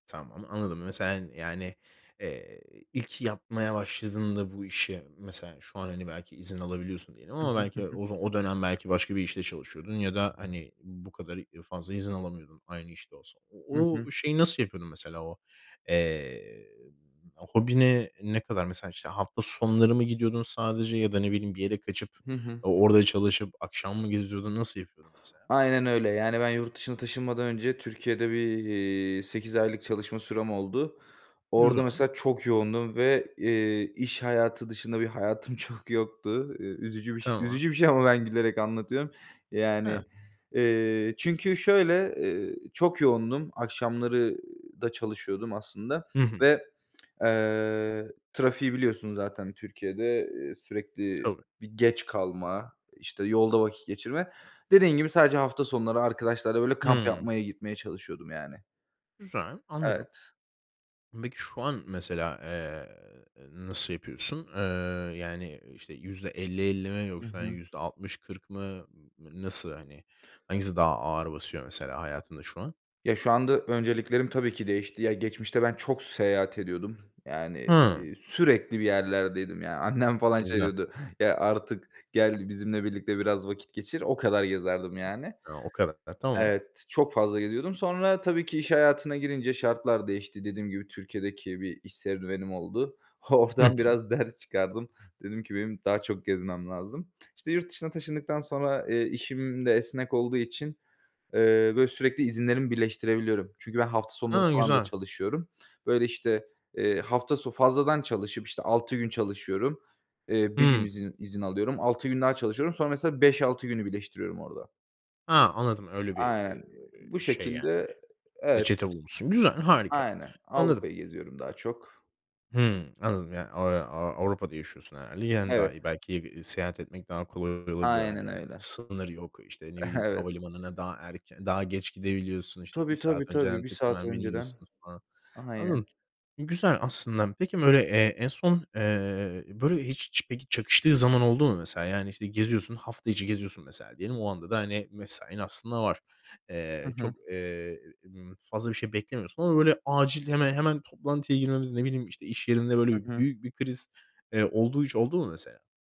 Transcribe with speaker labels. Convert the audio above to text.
Speaker 1: Tamam anladım. Mes sen yani, eee, ilk yapmaya başladığında bu işe mesela, şu an hani belki izin alabiliyorsun diyelim
Speaker 2: Hı
Speaker 1: ama
Speaker 2: hı, hı
Speaker 1: belki
Speaker 2: hı.
Speaker 1: o za o dönem belki başka bir işte çalışıyordun ya da hani bu kadar i fazla izin alamıyordun aynı işte olsa. O
Speaker 2: Hı hı.
Speaker 1: o şeyi nasıl yapıyordun mesela? O, eee, b hobine ne kadar mesela işte hafta sonları mı gidiyordun sadece ya da ne bileyim bir yere kaçıp
Speaker 2: Hı hı.
Speaker 1: o o orada çalışıp akşam mı geziyordun? Nasıl yapıyordun mesela?
Speaker 2: Aynen öyle. Yani ben yurt dışına taşınmadan önce Türkiye'de bir, iii, 8 aylık çalışma sürem oldu. Orada
Speaker 1: Güzel.
Speaker 2: mesela çok yoğundum ve, eee, iş hayatı dışında bir hayatım çok yoktu. Iıı, üzücü biş
Speaker 1: Tamam.
Speaker 2: üzücü bir şey ama ben gülerek anlatıyorum.
Speaker 1: Heh.
Speaker 2: Yani, eee, çünkü şöyle, ııı, çok yoğundum. Akşamları da çalışıyordum aslında
Speaker 1: Hı hı.
Speaker 2: ve, eee, trafiği biliyorsun zaten Türkiye'de, ııı,
Speaker 1: E
Speaker 2: sürekli
Speaker 1: tabii.
Speaker 2: bir geç kalma, işte yolda vakit geçirme. Dediğin gibi sadece hafta sonları arkadaşlarla böyle kamp
Speaker 1: Hı.
Speaker 2: yapmaya gitmeye çalışıyordum yani.
Speaker 1: Güzel. Anladım.
Speaker 2: Evet.
Speaker 1: Peki şu an mesela, eee, ııı, nasıl yapıyorsun? Iıı, yani, ııı, işte %50-50 mi
Speaker 2: Hı
Speaker 1: yoksa hani
Speaker 2: hı.
Speaker 1: %60-40 mı? N n nasıl hani? Hangisi daha ağır basıyor mesela hayatında şu an?
Speaker 2: Ya şu anda önceliklerim tabii ki değişti. Ya geçmişte ben çok seyahat ediyordum. Yani,
Speaker 1: Hı.
Speaker 2: iii, sürekli bir yerlerdeydim yani. Annem falan şey
Speaker 1: Güzel.
Speaker 2: diyordu, "Ya artık gel bizimle birlikte biraz vakit geçir." O kadar gezerdim yani.
Speaker 1: A, o kadar. Tamam.
Speaker 2: Evet, çok fazla geziyordum. Sonra tabii ki iş hayatına girince şartlar değişti. Dediğim gibi Türkiye'deki bir iş serüvenim oldu.
Speaker 1: Hı hı.
Speaker 2: Oradan biraz ders çıkardım. Dedim ki, "benim daha çok gezmem lazım." İşte yurt dışına taşındıktan sonra, eee, işim de esnek olduğu için, eee, böyle sürekli izinlerimi birleştirebiliyorum. Çünkü ben hafta sonları
Speaker 1: Hı
Speaker 2: falan da
Speaker 1: güzel.
Speaker 2: çalışıyorum. Böyle işte, eee, hafta so fazladan çalışıp işte 6 gün çalışıyorum. Eee, 1 gün
Speaker 1: Hı.
Speaker 2: izin izin alıyorum. 6 gün daha çalışıyorum. Sonra mesela 5-6 günü birleştiriyorum orada.
Speaker 1: Ha anladım öyle bir,
Speaker 2: Aynen.
Speaker 1: eee,
Speaker 2: Bu
Speaker 1: şey yani.
Speaker 2: şekilde evet.
Speaker 1: Reçete bulmuşsun. Güzel, harika.
Speaker 2: Aynen,
Speaker 1: Anladım.
Speaker 2: Avrupa'yı geziyorum daha çok.
Speaker 1: Hı anladım yani, aaa, aaa, Avrupa'da yaşıyorsun herhâlde. Yani daha
Speaker 2: Evet.
Speaker 1: iyi belki, eee, iii, seyahat etmek daha kolay olabiliyor hani
Speaker 2: Aynen
Speaker 1: belki.
Speaker 2: öyle.
Speaker 1: Sınır yok. İşte ne bileyim
Speaker 2: Evet.
Speaker 1: havalimanına daha erken, daha geç gidebiliyorsun. İşte 1
Speaker 2: Tabii, tabii,
Speaker 1: saat önceden
Speaker 2: tabii 1
Speaker 1: tık
Speaker 2: saat
Speaker 1: hemen
Speaker 2: önceden.
Speaker 1: biniyorsun falan.
Speaker 2: Aynen.
Speaker 1: Anladım. Güzel aslında. Peki böyle, eee, en son, eee, böyle hiç ç çakıştığı zaman oldu mu mesela? Yani işte geziyorsun, hafta içi geziyorsun mesela diyelim. O anda da hani mesain aslında var.
Speaker 2: Hı
Speaker 1: Eee,
Speaker 2: hı.
Speaker 1: çok, eee, m fazla bir şey beklemiyorsun ama böyle acil heme hemen toplantıya girmemiz, ne bileyim işte iş yerinde böyle
Speaker 2: Hı hı.
Speaker 1: büyük bir kriz, eee, olduğu hiç oldu mu mesela?